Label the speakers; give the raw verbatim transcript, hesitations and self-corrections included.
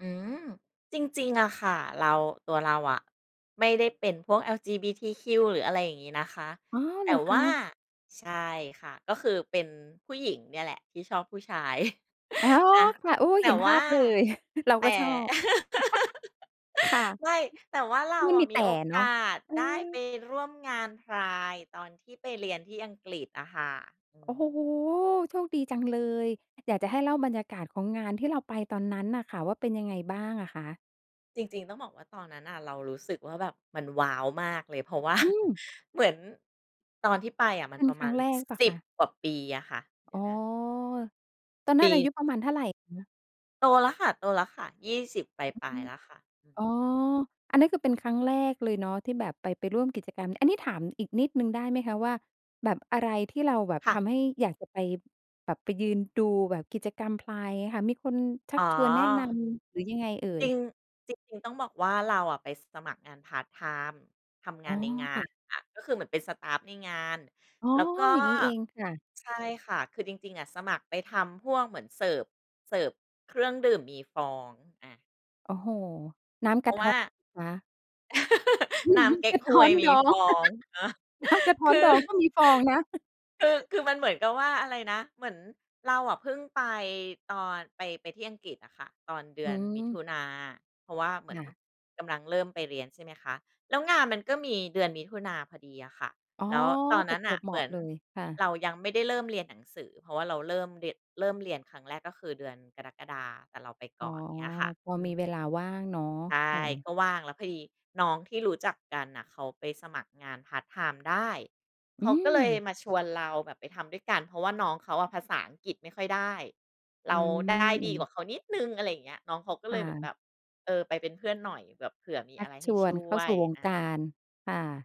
Speaker 1: อืม จริง ๆ อะค่ะ เรา ตัวเราอะ ไม่ได้เป็นพวก LGBTQ หรืออะไรอย่างงี้นะคะ
Speaker 2: อ๋อ
Speaker 1: แต
Speaker 2: เ
Speaker 1: ่
Speaker 2: หรอค
Speaker 1: ว
Speaker 2: ะ?
Speaker 1: ่า ใช่ค่ะ ก็คือเป็นผู้หญิงเนี่ยแหละ ที่ชอบผู้ชาย
Speaker 2: อ อ๋อ
Speaker 1: อะ
Speaker 2: ค่ะ โอ้
Speaker 1: แต่
Speaker 2: เห็นภ
Speaker 1: ว่
Speaker 2: า
Speaker 1: า
Speaker 2: พเลย เรา
Speaker 1: แต
Speaker 2: ก
Speaker 1: ่
Speaker 2: ็ชอบ ค่ะ
Speaker 1: ไม่ แต่ว่าเ
Speaker 2: แล
Speaker 1: ร
Speaker 2: ้
Speaker 1: า
Speaker 2: วมัน
Speaker 1: อ
Speaker 2: มี
Speaker 1: ะ
Speaker 2: แ
Speaker 1: มี
Speaker 2: ต่
Speaker 1: โอ
Speaker 2: เนา
Speaker 1: ก
Speaker 2: ะ
Speaker 1: าส
Speaker 2: เออ
Speaker 1: ได้ไปร่วมงานไพรด์ ตอนที่ไปเรียนที่อังกฤษอะค่ะ อื
Speaker 2: โอ้
Speaker 1: ม
Speaker 2: โฮ! โชคดีจังเลย อยากจะให้เล่าบรรยากาศของงานที่เราไปตอนนั้นน่ะค่ะว่า เป็นยังไงบ้างอะคะ?
Speaker 1: จริง ๆ ต้องบอกว่าตอนนั้นน่ะ เรารู้สึกว่าแบบมัน ว้าว มากเลย เพราะ ว่า
Speaker 2: อืม
Speaker 1: เหมือนตอนที่ไปอะ ม
Speaker 2: เ
Speaker 1: ั
Speaker 2: ป
Speaker 1: น
Speaker 2: ็น
Speaker 1: ประ
Speaker 2: คร
Speaker 1: ม
Speaker 2: ั
Speaker 1: า
Speaker 2: ้ง
Speaker 1: ณ
Speaker 2: แรกหรือเปล่า
Speaker 1: ส
Speaker 2: ค
Speaker 1: ิบ
Speaker 2: ะ?
Speaker 1: กว่าปีอะค่ะ เดี
Speaker 2: อ๋
Speaker 1: ๋ย
Speaker 2: อ
Speaker 1: วนะ
Speaker 2: ตอนน
Speaker 1: ป
Speaker 2: ั้นอายุประมาณเท่
Speaker 1: ี
Speaker 2: าไรคะ?
Speaker 1: โตแล้วค่ะ โตแล้วค่ะ ยี่สิบ ป
Speaker 2: อ
Speaker 1: ลา
Speaker 2: ื
Speaker 1: ย
Speaker 2: ม
Speaker 1: ๆ แล้วค่ะ อื
Speaker 2: อ
Speaker 1: ม
Speaker 2: ๋อ อันนั้น คือเป็นครั้งแรกเลยเนาะที่แบบ ไป ไปร่วมกิจกรรม อันนี้ถามอีกนิดหนึ่งได้ไหมคะว่า แบบอะไรที่เราแบบ
Speaker 1: ค่
Speaker 2: ท
Speaker 1: ะ
Speaker 2: ำให้อยากจะไป แบบไปยืนดูแบบกิจกรรมไพรด์ค่ะ มีคนชั
Speaker 1: อ๋
Speaker 2: ก
Speaker 1: อ
Speaker 2: ชวนแนะนำหรือยังไงเอ่
Speaker 1: จ
Speaker 2: ย?
Speaker 1: ริง จริง ๆ ต้องบอกว่า เราอะไปสมัครงานพาร์ตไทม์ ทำง
Speaker 2: อ๋
Speaker 1: า
Speaker 2: อ
Speaker 1: นในงา
Speaker 2: ค่
Speaker 1: น
Speaker 2: ะ
Speaker 1: อะ ก็คือเหมือนเป็นสตาฟฟ์ในงาน
Speaker 2: อ๋อ
Speaker 1: แล้วก็
Speaker 2: อย่างงี้เอง ค่ะ
Speaker 1: ใช่ค่ะ คือจริง ๆ อะ สมัครไปทำพวกเหมือน เสิร์ฟ เสิร์ฟ เครื่องดื่ม มีฟอง อะ
Speaker 2: โอ้โฮ! น้ำ
Speaker 1: เพ
Speaker 2: ก
Speaker 1: รา
Speaker 2: ะ
Speaker 1: ะ
Speaker 2: ท
Speaker 1: ว
Speaker 2: ้
Speaker 1: ่
Speaker 2: อ
Speaker 1: า
Speaker 2: คะ?
Speaker 1: น้ำเก๊
Speaker 2: ก
Speaker 1: ก
Speaker 2: ะ
Speaker 1: ฮ
Speaker 2: ท้อ
Speaker 1: วย
Speaker 2: น
Speaker 1: ม
Speaker 2: ด
Speaker 1: ี
Speaker 2: อ
Speaker 1: ฟ
Speaker 2: ง
Speaker 1: องอะ
Speaker 2: น้ำกระท
Speaker 1: ค
Speaker 2: ้อน
Speaker 1: ื
Speaker 2: ด
Speaker 1: อ
Speaker 2: องก็มีฟองนะ
Speaker 1: คือ คือมันเหมือนกับว่า อะไรนะ เหมือนเราอะเพิ่งไปตอน ไป ไปที่อังกฤษอะค่ะ ตอนเดื
Speaker 2: อื
Speaker 1: อนมิถ
Speaker 2: ม
Speaker 1: ุนา เพราะว่าเหมื
Speaker 2: ค
Speaker 1: อน
Speaker 2: ่ะ
Speaker 1: กำลังเริ่มไปเรียน ใช่ไหมคะ แล้วงานมันก็มีเดือนมิถุนาพอดีอะค่ะ
Speaker 2: อ๋อ
Speaker 1: แล้วตอน
Speaker 2: ป
Speaker 1: น
Speaker 2: ร
Speaker 1: ั้
Speaker 2: ะ
Speaker 1: น
Speaker 2: จ
Speaker 1: น่
Speaker 2: ว
Speaker 1: ะ
Speaker 2: บเหม
Speaker 1: เหม
Speaker 2: า
Speaker 1: ื
Speaker 2: ะ
Speaker 1: อน
Speaker 2: เลย ค่ะ
Speaker 1: เรายังไม่ได้เริ่มเรียนหนังสือ เพราะว่าเราเริ่มเรียน เริ่มเรียนครั้งแรก ก็คือเดือนกรกฎา แต่เราไป
Speaker 2: อ๋
Speaker 1: ก
Speaker 2: อ
Speaker 1: ่อน เงี้ยค่ะ
Speaker 2: พอ
Speaker 1: อื
Speaker 2: มี
Speaker 1: ม
Speaker 2: เวลาว่างเนาะ
Speaker 1: ใช่
Speaker 2: ค่ะ
Speaker 1: ก็ว่างแล้วพอดีน้องที่รู้จักกันน่ะ เขาไปสมัครงานพาร์ตไทม์ได้
Speaker 2: อ
Speaker 1: เขา
Speaker 2: ื
Speaker 1: ก็เลย
Speaker 2: ม
Speaker 1: มาชวนเราแบบไปทำด้วยกัน เพราะว่าน้องเขาอะภาษาอังกฤษไม่ค่อยได้ เ
Speaker 2: อื
Speaker 1: รา
Speaker 2: ม
Speaker 1: ได้
Speaker 2: อื
Speaker 1: ดีกว่
Speaker 2: อ
Speaker 1: าเขานิดหนึ่ง อะไรอย่างเงี้ย น้องเขาก็
Speaker 2: ค
Speaker 1: เล
Speaker 2: ่
Speaker 1: ยเหมือนแ
Speaker 2: ะ
Speaker 1: บบ เอ่อ ไปเป็นเพื่อนหน่อยแบบเผื่อมี
Speaker 2: ชั
Speaker 1: อ
Speaker 2: ก
Speaker 1: ะไรใ
Speaker 2: ช
Speaker 1: ห้
Speaker 2: ว
Speaker 1: ช
Speaker 2: น
Speaker 1: ่
Speaker 2: เข้
Speaker 1: ว
Speaker 2: าสู
Speaker 1: ย
Speaker 2: ่วง
Speaker 1: อา
Speaker 2: การ ค่ะ